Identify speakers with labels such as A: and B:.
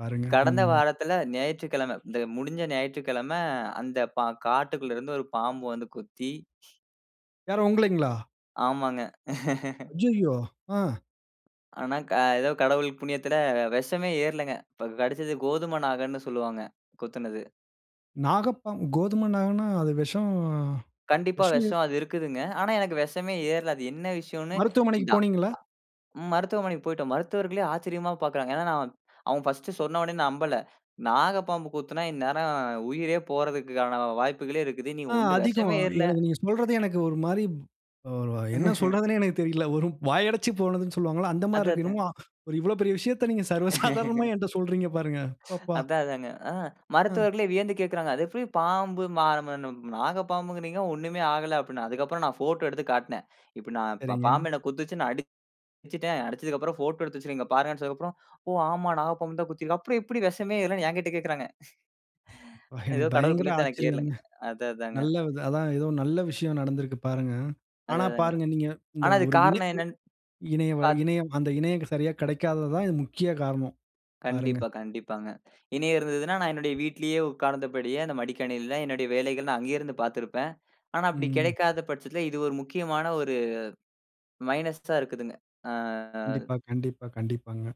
A: பாருங்க,
B: கடந்த
A: ம்.
B: வாரத்துல ஞாயிற்றுக்கிழம, இந்த முடுஞ்ச ஞாயிற்றுக்கிழம அந்த பா காட்டுக்குள்ள இருந்து ஒரு பாம்பு வந்து கொத்தி
A: யாரு உங்களைங்களா?
B: ஆமாங்க.
A: அய்யய்யோ! ஆ.
B: ஆனா, அ ஏதோ கடவுள் புண்ணியத்துல வெஷமே ஏறுலங்க. இப்போ கடுச்சது கோதும நாகன்னு சொல்லுவாங்க கொத்துனது.
A: நாகப்பாம்பு கோதுமை நாகன்னா, அது வெஷம்
B: கண்டிப்பா.
A: வெஷம்ல,
B: வெஷம் அது இருக்குதுங்க. ஆனா எனக்கு வெஷமே ஏற்ல. அது என்ன விஷயன்னு
A: மருத்துவமனைக்கு
B: டா,
A: போனீங்களா?
B: நா மருத்துவமனைக்கு போய்ட்டோம். மருத்துவர்களே ஆச்சரியமா பாக்கறாங்க. ஏன்னா, நான் அவங்க ஃபர்ஸ்ட் சொன்னோன நம்பல. நாகப்பாம்பு கொத்தினா இந்நேரம் உயிரே போறதுக்கான வாய்ப்புகளே இருக்குது. நீ
A: ஆ
B: ஒண்ணும்
A: அதிகம்.
B: விஷமே ஏறல.
A: எனக்கு நீங்க சொல்றது எனக்கு ஒரு மாரி அ என்ன சொல்றதுன்னே எனக்குத் தெரியல. ஒரு வாயடச்சுப் போனதுன்னு சொல்லுவாங்கல்ல, அந்த மாரி
B: அதான்
A: இருக்கு.
B: அதா.
A: என்னமோ ஒரு இவ்ளோ பெரிய விஷயத்த நீங்க சர்வ சாதாரணமா என்ட்ட சொல்றீங்க பாருங்க. அப்பப்பா!
B: அதான் அதாங்க. ஆ
A: ம்.
B: மருத்துவர்களே வியந்து கேக்கறாங்க. அது எப்படி பாம்பு மா நா [unintelligible] நாகப் பாம்புங்கறீங்க ஒண்ணுமே ஆகல அப்படின்னு. அதுக்கப்புறம் நான் ஃபோட்டோ எடுத்து காட்டுனேன். இப்ப நான் பா
A: சரிங்க.
B: பாம்பு என்ன கொத்துச்சு, நான் அடுச்சுட்டேன். அடுச்சதுக்கப்புறம் ஃபோட்டோ எடுத்து வச்சுருக்கேன் இங்க பாருங்கன்னு சொன்னதுக்கு அப்புறம், ஓ! ஆமா நாகப்பாம்பு தான் கொத்தி இருக்கு. அப்புறம் எப்படி வெஷமே ஏறலன்னு எங்கிட்ட கேக்கறாங்க.
A: எனக்கு
B: ஏதோ கடவுள்
A: பயங்கர
B: புண்ணியத்துல எனக்கு ஏறுலங்க.
A: ஆச்சரியங்க.
B: அதான் அதாங்க.
A: நல்ல வித அதுதான் ஏதோ நல்ல விஷயம் நடந்திருக்கு பாருங்க. ஆனா
B: அதான் அதாங்க.
A: பாருங்க நீங்க இந்த
B: ஆனா
A: ஒரு
B: அதுக்கு
A: இணை
B: காரணம் என்னன்னு.
A: இணைய
B: பாத்
A: இணையம் அந்த இணையம் சரியா கிடைக்காதது தான் முக்கிய காரணம். பாருங்க.
B: கண்டிப்பா, கண்டிப்பாங்க. இனி இருந்ததுன்னா நான் என்னுடைய வீட்லயே உக்கார்ந்தபடியே அந்த மடிக்கணினியில என்னுடைய வேலைகள் நா அங்கே இருந்து பாத்துருப்பேன். ஆனா அப்படி
A: ம்.
B: கெடைக்காத பட்சத்தில இது ஒரு முக்கியமான ஒரு மைனஸ்ஸா இருக்குதுங்க. ஆ ஆ.
A: கண்டிப்பா கண்டிப்பா. கண்டிப்பாங்க.